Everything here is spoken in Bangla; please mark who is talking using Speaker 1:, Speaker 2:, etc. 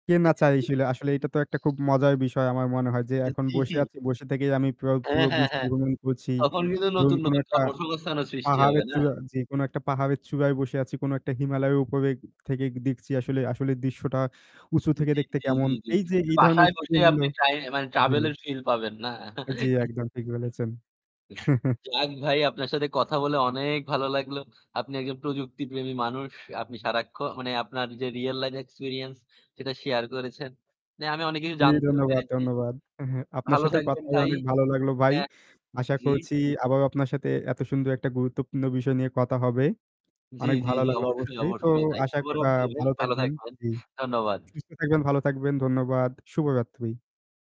Speaker 1: কে না চাইছিল আসলে এটা তো একটা
Speaker 2: [unintelligible]
Speaker 1: খুব মজার বিষয় আমার মনে হয় যে
Speaker 2: এ
Speaker 1: এখন বসে
Speaker 2: কি?
Speaker 1: আছি বসে থেকেই আমি পুরো
Speaker 2: হ্যাঁ,
Speaker 1: পুরো
Speaker 2: হ্যাঁ,
Speaker 1: বিশ্ব
Speaker 2: হ্যাঁ।
Speaker 1: ভ্রমণ করছি।
Speaker 2: তখন কিন্তু
Speaker 1: ধরুন
Speaker 2: নতুন,
Speaker 1: কোনো
Speaker 2: নতুন
Speaker 1: একটা
Speaker 2: কর্মসংস্থানও সৃষ্টি হবে
Speaker 1: পাহাড়ের
Speaker 2: না?
Speaker 1: চূড়া জ্বি, যে কোন একটা পাহাড়ের চূড়ায় বসে আছি কোন একটা হিমালয় উপবেগ থেকে দেখছি আসলে আসলে দৃশ্যটা উঁচু থেকে
Speaker 2: জ্বি,
Speaker 1: দেখতে
Speaker 2: জ্বি,
Speaker 1: কেমন।
Speaker 2: জ্বি, জ্বি।
Speaker 1: এই যে এই ধরনের
Speaker 2: বাসায় বসেই
Speaker 1: এক্সপেরিয়েন্স গুলো
Speaker 2: আপনি মানে ট্রাএ
Speaker 1: জ্বি।
Speaker 2: ট্রাভেল এর ফিল পাবেন না?
Speaker 1: হ্যাঁ, জ্বী, একদম ঠিক বলেছেন।
Speaker 2: যাক ভাই আপনার সাথে কথা বলে অনেক ভালো লাগলো। আপনি একজন প্রযুক্তি প্রেমী মানুষ। আপনি সারাক্ষণ মানে আপনার যে রিয়াল লাইফ এক্সপেরিয়েন্স সেটা শেয়ার করেছেন। না, আমি অনেক কিছু
Speaker 1: জ্বি,
Speaker 2: জানতেও
Speaker 1: ধন্যবাদ,
Speaker 2: পেরেছি।
Speaker 1: ধন্যবাদ। অ্যা হ্যাঁ, আপনার
Speaker 2: ভালো
Speaker 1: সাথে কথা
Speaker 2: থাকবেন
Speaker 1: হয়ে
Speaker 2: ভাই
Speaker 1: অনেক ভালো লাগলো ভাই।
Speaker 2: হ্যাঁ,
Speaker 1: আশা
Speaker 2: জ্বি।
Speaker 1: করছি আবারও আপনার সাথে এত সুন্দর একটা গুরুত্বপূর্ণ বিষয় নিয়ে কথা হবে।
Speaker 2: জ্বি,
Speaker 1: অনেক
Speaker 2: জ্বি,
Speaker 1: ভালো
Speaker 2: জি।
Speaker 1: লাগলো
Speaker 2: অবশ্যই,
Speaker 1: অবশ্যই। তো
Speaker 2: অবশ্যই।
Speaker 1: আশা আ
Speaker 2: শুভরাত্রি ভাই।
Speaker 1: ভালো
Speaker 2: ভালো
Speaker 1: থাকবেন
Speaker 2: থাকবেন।
Speaker 1: জ্বি,
Speaker 2: ধন্যবাদ।
Speaker 1: সুস্থ থাকবেন, ভালো থাকবেন। ধন্যবাদ। শুভরাত্রি।